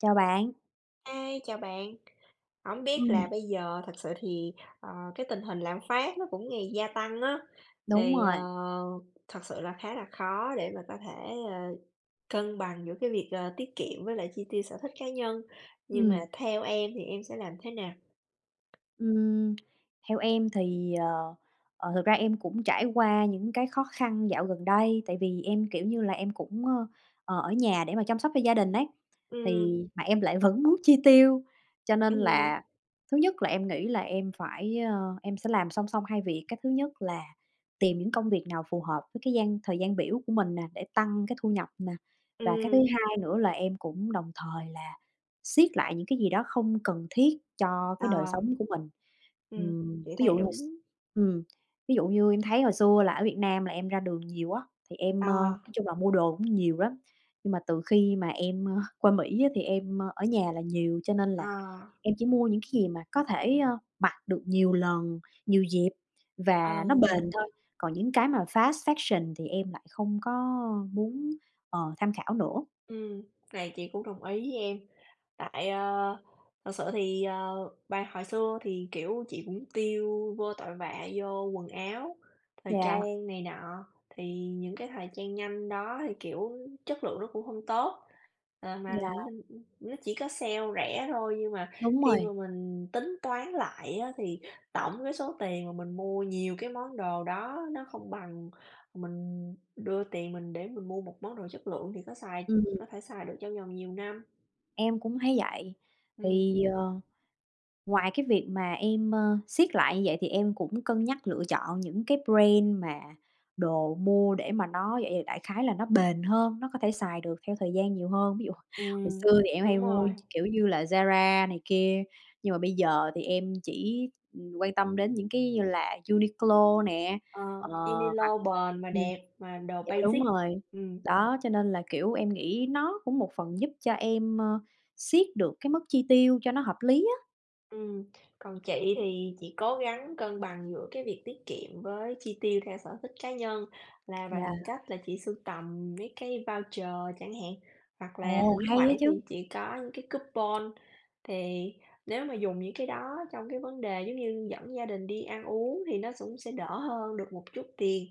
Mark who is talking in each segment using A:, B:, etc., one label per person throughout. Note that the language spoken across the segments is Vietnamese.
A: Chào bạn.
B: Hi, chào bạn. Hổng biết
A: Ừm.
B: là bây giờ thật sự thì, ờ, cái tình hình lạm phát nó cũng ngày gia tăng á,
A: Đúng
B: thì, à,
A: rồi.
B: thật sự là khá là khó để mà có thể, à, cân bằng giữa cái việc là tiết kiệm với chi tiêu sở thích cá nhân. Nhưng mà
A: Ừm.
B: theo em thì em sẽ làm thế nào?
A: Ừm. Theo em, thì, ờ, ờ, thực ra em cũng trải qua những khó khăn dạo gần đây, tại vì em, kiểu như là, em cũng, ơ, ờ, ở nhà để mà chăm sóc cho gia đình ấy.
B: Ừm.
A: Thì mà em lại vẫn muốn chi tiêu, cho nên
B: Ừm.
A: là, thứ nhất là em nghĩ là em phải a, em sẽ làm song song hai việc. Cái thứ nhất là tìm những công việc nào phù hợp với cái gian thời gian biểu của mình nè để tăng cái thu nhập nè, và cái thứ
B: Ừm.
A: 2 nữa là em cũng đồng thời là siết lại những cái gì đó không cần thiết cho
B: Ờ.
A: cái đời sống của mình.
B: Ừm,
A: Ừm,
B: chị
A: ví
B: thấy
A: dụ s
B: đúng.
A: ừm, ví dụ như em thấy hồi xưa là ở Việt Nam là em ra đường nhiều á, thì em, ơ,
B: Ờ.
A: nói chung là mua đồ cũng nhiều lắm, nhưng mà từ khi mà em, ơ, qua Mỹ á, thì em, ơ, ở nhà là nhiều. Cho nên
B: Ờ.
A: là em chỉ mua những cái gì mà có thể, a, mặc được nhiều lần, nhiều dịp và nó
B: Ờm.
A: bền thôi, còn những cái fast fashion thì em lại không có muốn, ờ, tham khảo nữa.
B: Ừm, này chị cũng đồng ý với em. Tại, ơ, thật sự thì, ờ, bài hồi xưa thì, kiểu, chị cũng tiêu vô tội vạ vô quần áo, thời
A: Dạ.
B: trang này nọ thì những cái thời trang nhanh đó thì, kiểu, chất lượng nó cũng hông tốt. Ờ, mà
A: Dạ.
B: minh ưm, nó chỉ có sale rẻ thôi, nhưng mà
A: Đúng
B: khi mà
A: rồi.
B: mình tính toán lại á, thì tổng cái số tiền mà mình mua nhiều cái món đồ đó nó không bằng mình đưa tiền mình để mình mua một món đồ chất lượng thì có xài có
A: Ừm.
B: thể xài được trong vòng nhiều năm.
A: Em cũng thấy vậy.
B: Ừm.
A: Thì, ờ, ngoài cái việc mà em, ơ, siết lại như vậy, thì em cũng cân nhắc lựa chọn những cái brand mà đồ mua để mà nó dạ dày, đại khái là nó bền hơn, nó có thể xài được theo thời gian nhiều hơn. Ví dụ, hồi
B: Ừm.
A: xưa thì em hay
B: Đúng
A: mua,
B: rồi.
A: kiểu như là, Zara này kia, nhưng mà bây giờ thì em chỉ, ừm, quan tâm đến những cái như là Uniqlo nè,
B: Ờ,
A: ờ,
B: yêu ni
A: hoặc
B: lô bền mà
A: ừm,
B: đẹp, mà đồ
A: dạ đúng
B: basic,
A: rồi.
B: ừm.
A: Đó, cho nên là, kiểu, em nghĩ nó cũng một phần giúp cho em, ơ, siết được cái mức chi tiêu cho nó hợp lý á.
B: Ừm, còn chị thì chị cố gắng cân bằng giữa cái việc tiết kiệm với chi tiêu theo sở thích cá nhân là
A: Dạ.
B: bằng cách là chị sưu tầm mấy cái voucher chẳng hạn, hoặc là
A: Ồ,
B: thỉnh
A: hay á
B: thoảng thì
A: chứ.
B: chị có những cái coupon. Thì nếu mà dùng những cái đó trong cái vấn đề, giống như, dẫn gia đình đi ăn uống, thì nó sũng sẽ đỡ hơn được một chút tiền.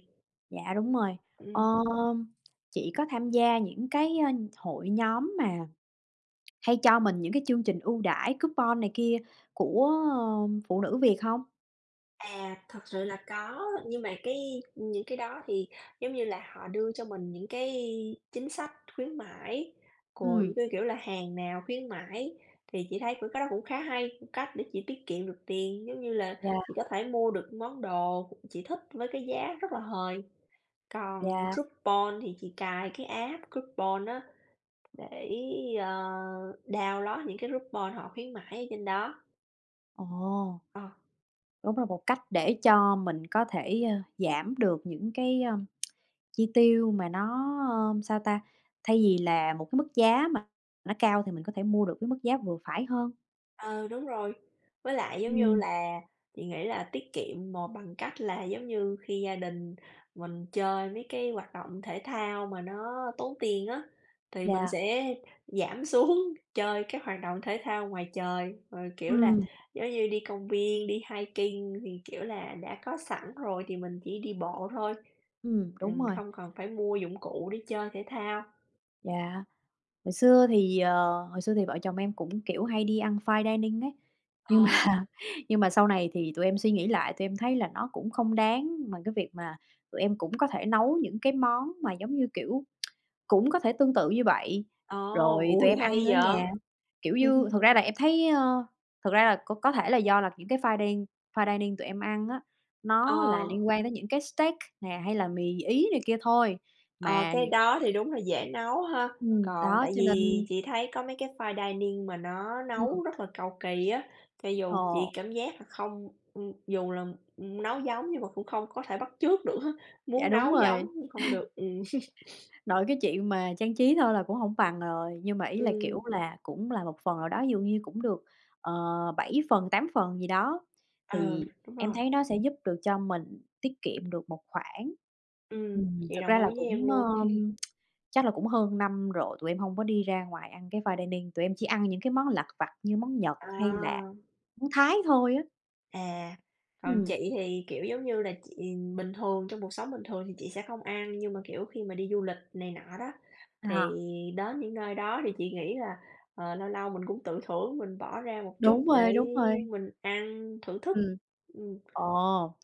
A: Dạ, đúng rồi.
B: Ừm.
A: Ơm, chị có tham gia những cái, a, hội nhóm mà hay cho mình những cái chương trình ưu đãi coupon này kia của, ờm, phụ nữ Việt hông?
B: À, thật sự là có. Nhưng mà cái, những cái đó thì, giống như là, họ đưa cho mình những cái chính sách khuyến mãi, rồi,
A: Ừm.
B: như kiểu là, hàng nào khuyến mãi, thì chị thấy cũng cái đó cũng khá hay, cách để chị tiết kiệm được tiền, giống như là, chị
A: Dạ.
B: có thể mua được món đồ chị thích với cái giá rất là hời. Còn
A: Dạ.
B: coupon thì chị cài cái app coupon á để, ờ, download những cái coupon họ khuyến mãi ở trên đó.
A: Ồ.
B: Ờ.
A: Đúng là một cách để cho mình có thể, ơ, giảm được những cái, ơm, chi tiêu mà nó, ơm, sao ta? Thay vì là một mức giá mà nó cao thì mình có thể mua được với mức giá vừa phải hơn.
B: Ờ, đúng rồi. Với lại giống như
A: Ừm.
B: là chị nghĩ là tiết kiệm mồ bằng cách là giống như khi gia đình mình chơi với cái hoạt động thể thao mà nó tốn tiền á, thì mình
A: Dạ.
B: sẽ giảm xuống chơi các hoạt động thể thao ngoài trời. Rồi, kiểu là,
A: Ừm.
B: giống như đi công viên, đi hiking, thì, kiểu là, đã có sẵn rồi thì mình chỉ đi bộ thôi,
A: Ừm, đúng
B: ừm,
A: rồi.
B: không cần phải mua dụng cụ để chơi thể thao.
A: Dạ, hồi xưa thì, ờ, hồi xưa thì vợ chồng em cũng, kiểu, hay đi ăn fine dining ấy. Nhưng
B: Ờ.
A: mà nhưng mà sau này thì tụi em suy nghĩ lại, tụi em thấy là nó cũng không đáng mà cái việc mà tụi em cũng có thể nấu những cái món mà, giống như, kiểu, cũng có thể tương tự như vậy,
B: Ồ!
A: rồi tụi
B: Ôi,
A: em
B: hay
A: ăn ở
B: vậy?
A: nhà. Kiểu như, thật ra là em thấy ơ thật ra là c có thể do là những cái finding fine dining tụi em ăn á,
B: Ờ.
A: nó là liên quan đến những cái steak nè, hay mì Ý này kia thôi.
B: Ờ,
A: Mà nh
B: cái đó thì đúng là dễ nấu ha.
A: Ừm,
B: Còn
A: đó.
B: tại
A: Cho
B: vì
A: nên
B: chị thấy có mấy cái fine dining mà nó
A: Ừm.
B: nấu rất là cầu kỳ á, cho dù chị
A: Ồ.
B: cảm giác là không ưm, dù là, ừm, nấu giống nhưng mà cũng không có thể bắt chước được á,
A: Dạ,
B: muốn
A: đúng
B: nấu
A: rồi.
B: giống nhưng hông được, ừm.
A: Nội cái chuyện mà trang trí thôi là cũng hổng bằng rồi, nhưng mà ý là, kiểu
B: Ừm.
A: là, cũng là một phần nào đó, ví dụ như cũng được, ờ, 7 phần, 8 phần gì đó,
B: Ờ,
A: thì
B: đúng
A: em
B: rồi.
A: thấy nó sẽ giúp được cho mình tiết kiệm được một khoản.
B: Ừm,
A: Ừm,
B: chị
A: thật
B: đồng
A: ra
B: ý
A: là
B: với em
A: cũng,
B: luôn.
A: ờm, chắc là cũng hơn năm rồi, tụi em hông đi ra ngoài ăn cái fine dining, tụi em chỉ ăn những món lặt vặt như món Nhật
B: Ờ.
A: hay là món Thái thôi á.
B: À. Còn
A: Ừm.
B: chị thì, kiểu, giống như là, chị bình thường, trong cuộc sống bình thường thì chị sẽ không ăn, nhưng mà, kiểu, khi mà đi du lịch này nọ đó, thì
A: À.
B: đến những nơi đó thì chị nghĩ là, ờ, lâu lâu mình cũng tự thưởng, mình bỏ ra một chút
A: Đúng
B: để
A: rồi, đúng rồi.
B: mình ăn thưởng thức,
A: Ừm.
B: ừm.
A: Ồ!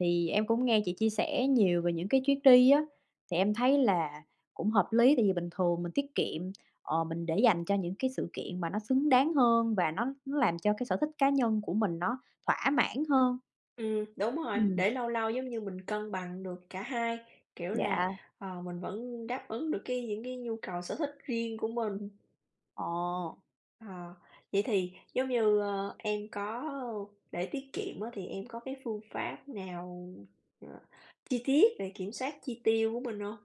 A: Thì em cũng nghe chị chia sẻ nhiều về những chuyến đi á. Thì em thấy là cũng hợp lý tại vì bình thường mình tiết kiệm, ờ, mình để dành cho những cái sự kiện mà nó xứng đáng hơn và nó nó làm cho sở thích cá nhân của mình nó thỏa mãn hơn.
B: Ừm, đúng rồi,
A: Ừm.
B: để lâu lâu giống như mình cân bằng được cả hai, kiểu là,
A: Dạ.
B: ờ, mình vẫn đáp ứng được cái những cái nhu cầu sở thích riêng của mình.
A: Ờ.
B: Ờ. Vậy thì giống như, ơ, em có, ơ, để tiết kiệm á, thì em có cái phương pháp nào, ờ, chi tiết về kiểm soát chi tiêu của mình hông?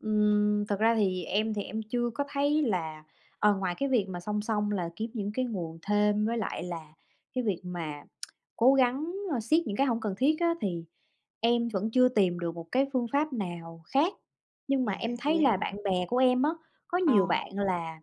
A: Ừm, thật ra em thì em chưa có thấy là, ờ, ngoài cái việc mà song song là kiếm những nguồn thêm, với lại là cái việc mà cố gắng, ơ, siết những cái hông cần thiết á, thì em vẫn chưa tìm được một phương pháp nào khác, nhưng mà
B: Dạ,
A: em thấy
B: vậy
A: là
B: hả?
A: bạn bè của em á, có nhiều
B: Ờ.
A: bạn là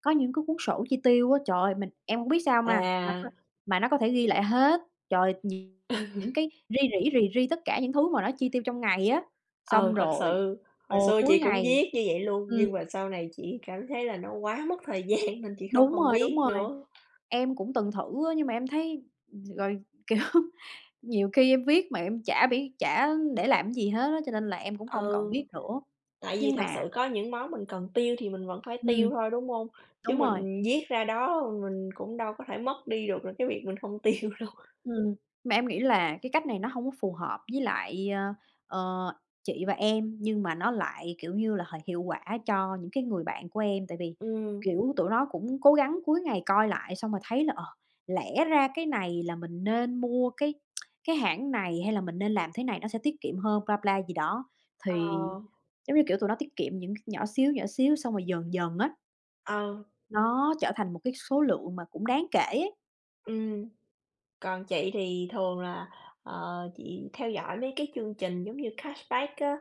A: có những cái cuốn sổ chi tiêu á. Trời, mình em hông biết sao ma mà
B: À.
A: [unintelligible] mà nó có thể ghi lại hết, trời, nhiều
B: Ừ.
A: những cái ri rỉ rì ri tất cả những thứ mà nó chi tiêu trong ngày á.
B: Ờ,
A: Xong
B: thật
A: rồi
B: sự. Hồi
A: ồ,
B: xưa chị
A: cuối
B: cũng
A: ngày.
B: viết như vậy luôn,
A: Ừm.
B: nhưng mà sau này chị cảm thấy là nó quá mất thời gian nên chị không
A: Đúng
B: còn
A: rồi, đúng
B: viết
A: rồi.
B: nữa.
A: Em cũng từng thử á, nhưng mà em thấy, ừm, rồi, kiểu, nhiều khi em viết mà em chả biết, chả để làm gì hết á, cho nên là em cũng không còn
B: Ừ.
A: viết nữa.
B: Tại vì
A: Nhưng
B: thật
A: mà
B: sự có những món mình cần tiêu thì mình vẫn phải tiêu
A: Ừm.
B: thôi, đúng hông? Chứ
A: Đúng rồi.
B: mình viết ra đó mình cũng đâu có thể mất đi được là cái việc mình không tiêu đâu.
A: Ừm, mà em nghĩ là cái cách này nó hông có phù hợp với lại, a, ờ, chị và em, nhưng mà, nó lại, kiểu như là, h hiệu quả cho những cái người bạn của em. Tại vì,
B: Ừm.
A: kiểu, tụi nó cũng cố gắng cuối ngày coi lại xong là thấy là, ờ, lẽ ra cái này là mình nên mua cái cái hãng này, hay là mình nên làm thế này mình sẽ tiết kiệm hơn blah, blah gì đó.
B: Ờ.
A: Thì, giống như, kiểu, tụi nó tiết kiệm những c nhỏ xíu, nhỏ xíu xong rồi dần dần á
B: Ờ.
A: nó trở thành một cái số lượng mà cũng đáng kể ấy.
B: Ừm. Còn chị thì thường là, ờ, chị theo dõi mấy cái chương trình giống như Cashback á,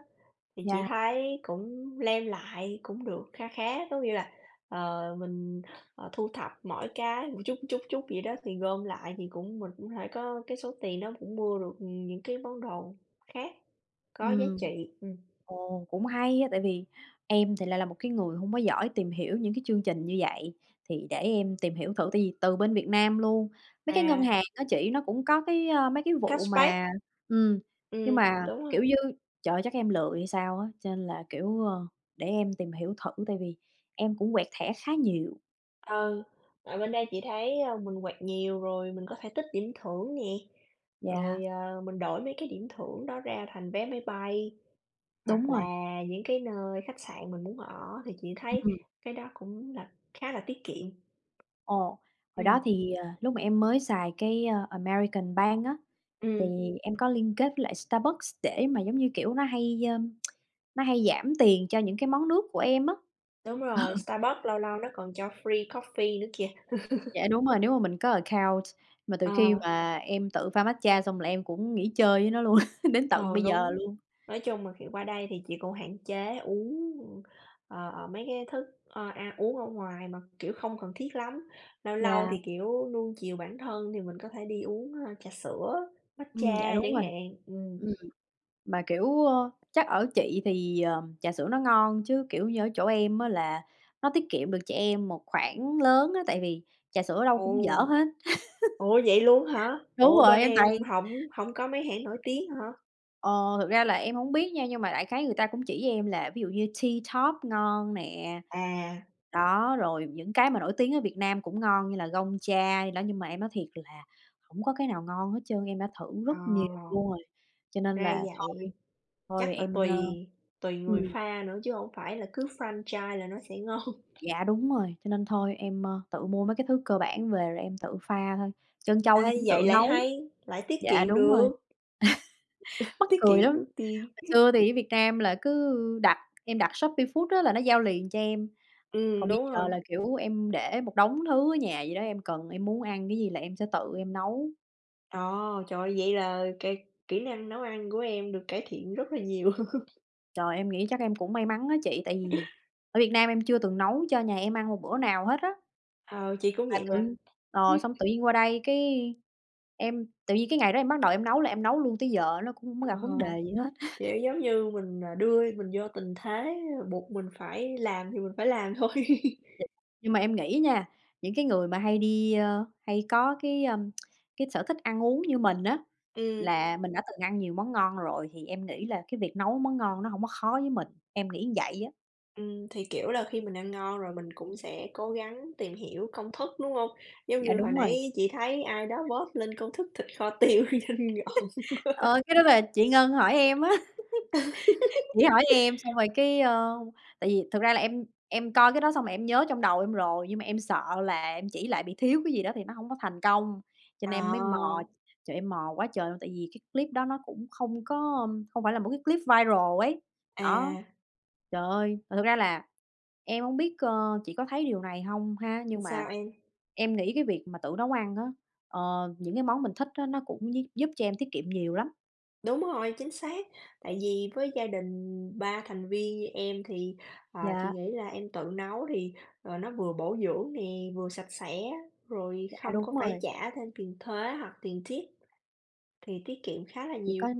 B: thì chị
A: Dạ.
B: thấy cũng claim lại, cũng được kha khá. Có nghĩa là, ờ, mình, ờ, thu thập mỗi cái một chút, chút, chút vậy đó thì gom lại thì cũng mình cũng thể có cái số tiền đó cũng mua được, ừm, những cái món đồ khác có giá
A: Ừm.
B: trị, ừm.
A: Ồ, cũng hay á, tại vì em thì lại là một cái người hông có giỏi tìm hiểu những cái chương trình như vậy. Thì để em tìm hiểu thử, tại vì từ bên Việt Nam luôn, mấy cái ngân
B: À.
A: hàng á chị, nó cũng có cái, a, mấy cái vụ
B: Cashback.
A: mà, ừm, nhưng
B: Ừm,
A: mà,
B: đúng rồi.
A: kiểu như, trời ơi, chắc em lười hay sao á, cho nên là, kiểu, ơ, để em tìm hiểu thử tại vì em cũng quẹt thẻ khá nhiều.
B: Ừ, ở bên đây chị thấy, ơ, mình quẹt nhiều, rồi mình có thể tích điểm thưởng nè.
A: Dạ.
B: Rồi, à, mình đổi mấy cái điểm thưởng đó ra thành vé máy bay,
A: Đúng
B: hoặc
A: rồi.
B: là những cái nơi khách sạn mình muốn ở. Thì chị
A: Ừm,
B: thấy
A: ừm.
B: cái đó cũng là khá là tiết kiệm.
A: Ồ, hồi
B: Ừm.
A: đó thì, ờ, lúc mà em mới xài cái, ơ, American Bank á, thì
B: Ừm.
A: em có liên kết với lại Starbucks để mà, giống như, kiểu, nó hay, ơm, nó hay giảm tiền cho những cái món nước của em á.
B: Đúng rồi,
A: Ờ.
B: Starbucks lâu lâu nó còn cho free coffee nữa kìa.
A: Dạ, đúng rồi, nếu mà mình có account, mà từ khi
B: Ờ.
A: mà em tự pha matcha xong là em cũng nghỉ chơi với nó luôn, đến tận
B: Ờ,
A: bây giờ
B: đúng.
A: luôn.
B: Nói chung là, kiểu, qua đây thì chị cũng hạn chế, uống, ờ, ờ, mấy cái thức ơ, ăn uống ở ngoài mà, kiểu, không cần thiết lắm. Lâu lâu
A: Dạ.
B: thì, kiểu, nuông chiều bản thân thì mình có thể đi uống, a, trà sữa,
A: Ừm, dạ
B: matcha
A: đúng
B: chẳng
A: rồi.
B: hạn, ừm.
A: Ừm, mà, kiểu, ơ, chắc ở chị thì, ờm, trà sữa nó ngon, chứ, kiểu như, ở chỗ em á là nó tiết kiệm được cho em một khoản lớn á, tại vì trà sữa ở đâu
B: Ồ!
A: cũng dở hết.
B: Ồ, vậy luôn hả?
A: Đúng
B: Ủa,
A: rồi,
B: bên
A: em toàn
B: em hổng hổng có mấy hãng nổi tiếng hả?
A: Ờ, thực ra là em hổng biết nha nhưng mà đại khái người ta cũng chỉ cho em là ví dụ như Tea Top ngon nè.
B: À.
A: Đó, rồi những cái mà nổi tiếng ở Việt Nam cũng ngon như là Gong Cha gì đó. Nhưng mà em nói thiệt là hổng có cái nào ngon hết trơn, em đã thử
B: À!
A: rất nhiều luôn rồi. Cho nên
B: Ra
A: là
B: vậy.
A: thôi, thôi
B: Chắc là
A: em, ơ
B: tùy tuỳ người
A: ừm.
B: pha nữa chứ hông phải là cứ franchise là nó sẽ ngon.
A: Dạ đúng rồi. Cho nên thôi em, ơ, tự mua mấy cái thứ cơ bản về rồi em tự pha thôi, trân châu em
B: Ê,
A: cũng tự
B: vậy lại
A: nấu.
B: hay, lại tiết
A: Dạ
B: kiệm
A: đúng rồi,
B: được.
A: mắc
B: Tiết
A: cười
B: kiệm
A: lắm,
B: được
A: hồi
B: tiền.
A: xưa thì ở Việt nam là cứ đặt, em đặt Shopee Food á, là nó giao liền cho em,
B: Ừm,
A: còn bây
B: đúng
A: giờ
B: rồi.
A: là, kiểu, em để một đống thứ ở nhà vậy đó, em cần, em muốn ăn cái gì là sẽ tự em nấu.
B: Ờ, trời ơi, vậy là k kỹ năng nấu ăn của em được cải thiện rất là nhiều.
A: Trời, em nghĩ chắc em cũng may mắn á chị, tại vì ở Việt Nam em chưa từng nấu cho nhà em ăn một bữa nào hết á.
B: Ờ, chị cũng
A: Mà
B: vậy mà.
A: tự ờ, xong tự nhiên qua đây cái em tự nhiên cái ngày đó em bắt đầu em nấu là em nấu luôn tới giờ nó cũng hông có
B: Ờ.
A: gặp vấn đề gì hết.
B: Kiểu, giống như, mình, à, đưa mình vô tình thế buộc mình phải làm, thì mình phải làm thôi.
A: [unintelligible] Nhưng mà em nghĩ nha, những cái người mà hay đi, ơ hay có cái, ờm, cái sở thích ăn uống như mình á,
B: Ừm.
A: là mình đã từng ăn nhiều món ngon rồi, thì em nghĩ là việc nấu món ngon nó hông có khó với mình, em nghĩ vậy á.
B: Ừm, thì, kiểu là, khi mình ăn ngon rồi mình cũng sẽ cố gắng tìm hiểu công thức, đúng hông? Giống
A: Dạ
B: như hồi
A: đúng rồi.
B: nãy chị thấy ai đó post lên công thức thịt kho tiêu nhìn ngon quá.
A: Ờ, cái đó là chị Ngân hỏi em á. Chị hỏi em xong rồi cái, ơ tại vì thật ra là em em coi cái đó xong rồi em nhớ trong đầu em rồi, nhưng mà em sợ là em chỉ lại bị thiếu cái gì đó thì nó hông có thành công, cho nên em mới mò,
B: À.
A: trời, em mò quá trời luôn. Tại vì clip đó nó cũng không có, ờm, hông phải là một cái clip viral ấy. Á,
B: À.
A: trời ơi, mà thật ra là em hông biết, ơ, chị có thấy điều này hông ha,
B: Ừm,
A: nhưng mà
B: sao em?
A: em nghĩ cái việc mà tự nấu ăn á, ờ, những cái món mình thích á, nó cũng gi giúp cho em tiết kiệm nhiều lắm.
B: Đúng rồi, chính xác. Tại vì với gia đình 3 thành viên như em thì, à, chị
A: Dạ.
B: nghĩ em tự nấu thì, ờ, nó vừa bổ dưỡng nè, vừa sạch sẽ, rồi
A: Dạ,
B: không
A: đúng
B: có phải
A: rồi.
B: trả thêm tiền thuế hoặc tiền tip thì tiết kiệm khá là
A: Chỉ
B: nhiều.
A: có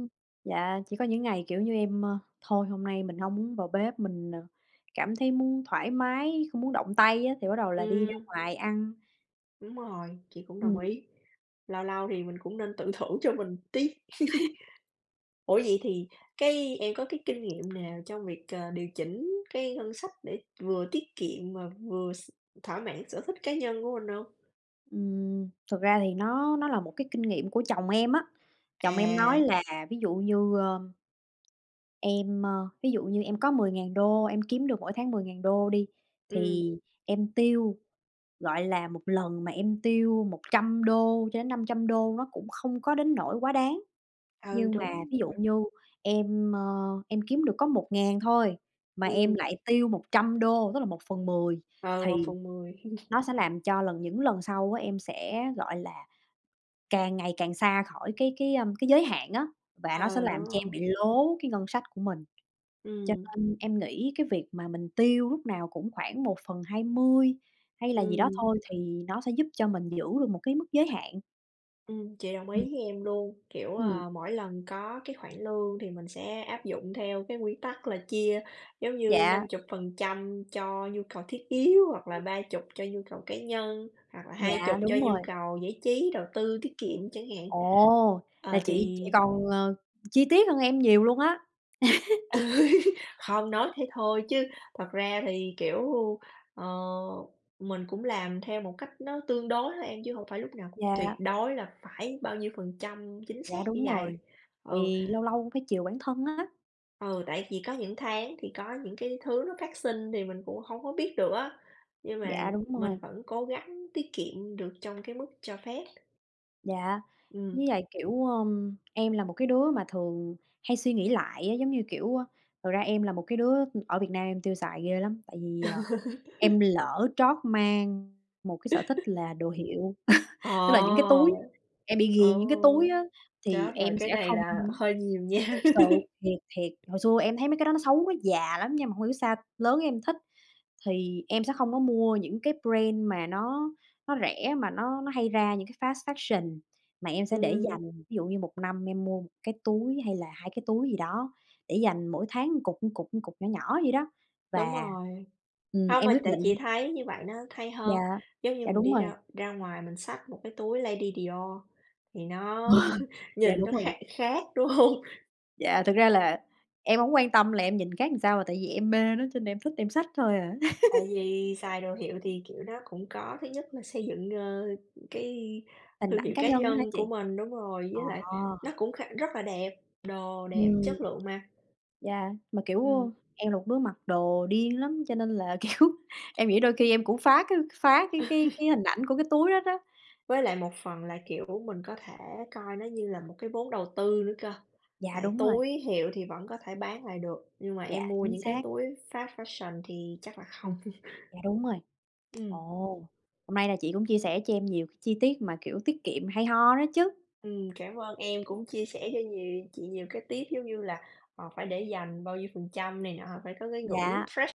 A: dạ, chỉ có những ngày, kiểu như, em, ơ, "Thôi, hôm nay mình hông muốn vào bếp, mình, ờ, cảm thấy muốn thoải mái, không muốn động tay" á, thì bắt đầu là đi ra
B: Ừm.
A: ngoài ăn.
B: Đúng rồi, chị cũng đồng
A: Ừm.
B: ý. Lâu lâu thì mình cũng nên tự thưởng cho mình tí. Ủa vậy thì cái em có cái kinh nghiệm nào trong việc, ờ, điều chỉnh cái ngân sách để vừa tiết kiệm và vừa s thỏa mãn sở thích cá nhân của mình hông?
A: Ừm, thật ra thì nó nó là một cái kinh nghiệm của chồng em á. Chồng em nói
B: À.
A: là, ví dụ như, ơ em, ơ, ví dụ như em có $10.000, em kiếm được mỗi tháng $10.000 đi,
B: Ừm.
A: thì em tiêu, gọi là, một lần mà em tiêu $100-$500, nó cũng hông có đến nỗi quá đáng.
B: Ừ,
A: Nhưng mà,
B: đúng
A: ví dụ
B: rồi.
A: như, em, ơ, em kiếm được có 1000 thôi, mà em
B: Ừm.
A: lại tiêu $100, tức là 1/10
B: Ừ, một
A: thì
B: phần mười.
A: nó sẽ làm cho lần những lần sau á, em sẽ, gọi là, càng ngày càng xa khỏi cái cái, ơm, cái giới hạn á, và nó sẽ
B: Ờ, đúng
A: làm cho
B: rồi.
A: em bị lố cái ngân sách của mình. Cho
B: Ừm.
A: nên em nghĩ cái việc mình tiêu lúc nào cũng khoảng 1/20 hay là gì đó
B: Ừm.
A: thôi, thì nó sẽ giúp cho mình giữ được một mức giới hạn.
B: Ừm, chị đồng ý
A: Ừm.
B: với em luôn. Kiểu,
A: Ừm.
B: ờ, mỗi lần có cái khoản lương thì mình sẽ áp dụng theo cái nguyên tắc là chia giống như
A: Dạ.
B: 50% cho nhu cầu thiết yếu hoặc là 30 cho nhu cầu cá nhân, hoặc là 20
A: Dạ,
B: cho
A: đúng
B: nhu
A: rồi.
B: cầu giải trí, đầu tư, tiết kiệm chẳng hạn.
A: Ồ, là
B: Ờ,
A: chị chị
B: thì
A: còn, ờ, chi tiết hơn em nhiều luôn á.
B: Không, nói thế thôi chứ thật ra thì, kiểu, ờ, mình cũng làm theo một cách nó tương đối thôi em, chứ hông phải lúc nào tuyệt
A: Dạ.
B: đối là phải bao nhiêu phần trăm chính
A: Dạ,
B: xác như
A: đúng
B: vầy.
A: rồi.
B: Ừ.
A: Thì lâu lâu phải chiều bản thân á.
B: Ừ, tại vì có những tháng thì có những cái thứ nó phát sinh thì mình cũng hông có biết được á. Nhưng mà
A: Dạ, đúng
B: mình
A: rồi.
B: vẫn cố gắng tiết kiệm được trong cái mức cho phép.
A: Dạ.
B: Ừm.
A: Với lại, kiểu, ờm, em là một cái đứa mà thường hay suy nghĩ lại á, giống như, kiểu, a, thật ra em là một cái đứa, ưm, ở Việt Nam em tiêu xài ghê lắm, tại vì, ờ, em lỡ trót mang một cái sở thích là đồ hiệu. Tức là những cái túi,
B: Ồ!
A: em bị nghiền những cái
B: Ồ.
A: túi á thì
B: Chết rồi
A: em
B: cái
A: sẽ
B: này
A: không
B: là
A: muốn
B: hơi nhiều nha.
A: thiệt sự, thiệt, thiệt, hồi xưa em thấy mấy cái đó xấu, nó già lắm nhưng mà hông hiểu sao lớn em thích. Thì em sẽ không có mua những cái brand mà nó nó rẻ mà nó nó hay ra những cái fast fashion, mà em sẽ để
B: Ừm.
A: dành, ví dụ như 1 năm em mua 1 cái túi, hay là 2 cái túi gì đó. Để dành mỗi tháng cục, cục, cục nhỏ nhỏ vậy đó,
B: Đúng
A: và
B: rồi.
A: ừm,
B: Không,
A: em
B: mà
A: quyết
B: tại chị
A: định
B: thấy như vậy nó thay hơn.
A: Dạ.
B: Giống như
A: Dạ,
B: mình
A: đúng
B: đi
A: rồi.
B: ra ra ngoài mà mình xách một cái túi Lady Dior thì nó
A: Dạ,
B: nhìn
A: đúng
B: nó
A: rồi.
B: khác khác, đúng hông?
A: Dạ, thật ra là em hổng quan tâm là em nhìn khác sao, mà tại vì em mê nó cho nên là em thích em xách thôi à.
B: Tại vì xài đồ hiệu thì, kiểu, nó cũng có thứ nhất là xây dựng, ơ, cái
A: Hình
B: thương
A: ảnh
B: hiệu
A: cá
B: cá
A: nhân á hả
B: nhân
A: chị?
B: của mình, đúng rồi.
A: À.
B: Với lại nó cũng khá rất là đẹp, đồ đẹp,
A: Ừm.
B: chất lượng mà.
A: Dạ, mà, kiểu,
B: Ừm.
A: ơ, em là một đứa mặc đồ điên lắm. Cho nên là, kiểu, em nghĩ đôi khi em cũng phá cái phá cái cái cái hình ảnh của cái túi đó, đó.
B: Với lại một phần là, kiểu, mình có thể coi nó như là một cái vốn đầu tư nữa cơ,
A: Dạ,
B: tại
A: đúng rồi.
B: túi hiệu thì vẫn có thể bán lại được, nhưng mà em
A: Dạ,
B: mua
A: chính
B: những cái
A: xác.
B: túi fast fashion thì chắc là không.
A: Dạ đúng rồi. Ồ,
B: Ừm.
A: hôm nay là chị cũng chia sẻ cho em nhiều chi tiết mà, kiểu, tiết kiệm hay ho đó chứ.
B: Ừm, cảm ơn em cũng chia sẻ cho nhiều chị nhiều cái tip giống như là, ờ, phải để dành, bao nhiêu phần trăm này nọ, phải có cái ngưỡng
A: Dạ.
B: fresh.